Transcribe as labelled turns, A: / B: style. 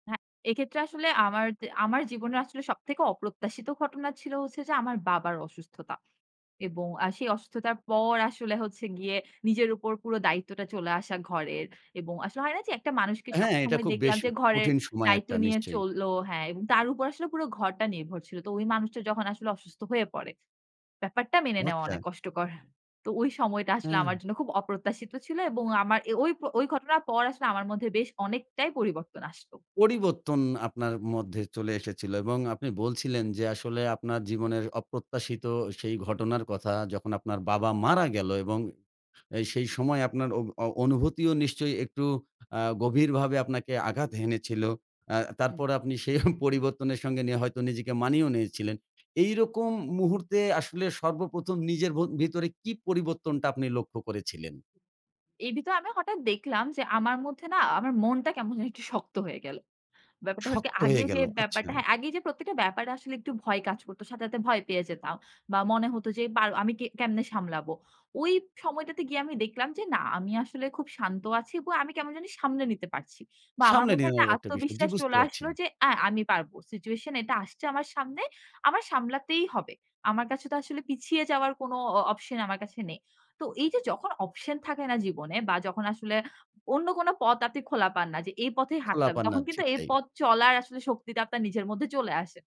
A: হ্যাঁ, এক্ষেত্রে আসলে আমার দ আমার জীবনে আসলে সবথেকে অপ্রত্যাশিত ঘটনা ছিল হচ্ছে যে, আমার বাবার অসুস্থতা এবং আ সেই অসুস্থতার পর আসলে হচ্ছে গিয়ে নিজের উপর পুরো দায়িত্বটা চলে আসা ঘরের এবং আসলে হয় না যে, একটা মানুষকে
B: হ্যাঁ, এটা
A: সবসময়
B: খুব বেশ
A: দেখলাম যে, ঘরের
B: কঠিন সময়
A: দায়িত্ব
B: একটা
A: নিয়ে
B: নিশ্চয়ই।
A: চলল হ্যাঁ, এবং তার উপর আসলে পুরো ঘরটা নির্ভর ছিল। তো ওই মানুষটা যখন আসলে অসুস্থ হয়ে পড়ে। ব্যাপারটা মেনে নেওয়া
B: আচ্ছা।
A: অনেক কষ্টকর। তো ওই সময়টা আসলে
B: হ্যাঁ।
A: আমার জন্য খুব অপ্রত্যাশিত ছিল এবং আমার ওই ওই ঘটনার পর আসলে আমার মধ্যে বেশ অনেকটাই পরিবর্তন আসলো।
B: পরিবর্তন আপনার মধ্যে চলে এসেছিল এবং আপনি বলছিলেন, যে, আসলে আপনার জীবনের অপ্রত্যাশিত সেই ঘটনার কথা যখন আপনার বাবা মারা গেল এবং আ সেই সময় আপনার অ অনুভূতিও নিশ্চয়ই একটু আ গভীরভাবে আপনাকে আঘাত হেনেছিল। অ্যা
A: হুম।
B: তারপর আপনি সেই পরিবর্তনের সঙ্গে নিয়ে হয়তো নিজেকে মানিয়েও নিয়েছিলেন। এইরকম মুহূর্তে আসলে সর্ব ১ম নিজের ভত ভিতরে কি পরিবর্তনটা আপনি লক্ষ্য করেছিলেন?
A: এর ভিতরে আমি হঠাৎ দেখলাম যে, আমার মধ্যে না আমার মনটা কেমন জানি একটু শক্ত হয়ে গেল। ব্যাপারটা হলো কি
B: শক্ত হয়ে
A: আগে যে,
B: গেল। আচ্ছা।
A: ব্যাপারটা হ্যাঁ, আগেই যে, প্রত্যেকটা ব্যাপারে আসলে একটু ভয় কাজ করত। সাথে, সাথে ভয় পেয়ে যেতাম বা মনে হত যে, পার আমি কে কেমনে সামলাবো। ওই সময়টাতে গিয়ে আমি দেখলাম যে, না আমি আসলে খুব শান্ত আছি এবং আমি কেমন জানি সামলে নিতে পারছি বা আমার
B: সামনে
A: মধ্যে একটা
B: নেওয়ার একটা বিষয়। জ্বি,
A: আত্মবিশ্বাস
B: বুঝতে
A: চলে
B: পারছি।
A: আসলো যে, অ্যা আমি পারব। সিচুয়েশন এটা আসছে আমার সামনে। আমার সামলাতেই হবে। আমার কাছে তো আসলে পিছিয়ে যাওয়ার কোনো অ অপশন আমার কাছে নেই। তো এইযে যখন অপশন থাকে না জীবনে বা যখন আসলে অন্য কোনো পথ আপনি খোলা পান না যে, এই পথেই
B: খোলা
A: হাঁটতে হবে।
B: পান না,
A: তখন কিন্তু
B: ঠিক
A: এই
B: তাই।
A: পথ চলার আসলে শক্তিটা আপনার নিজের মধ্যে চলে আসে।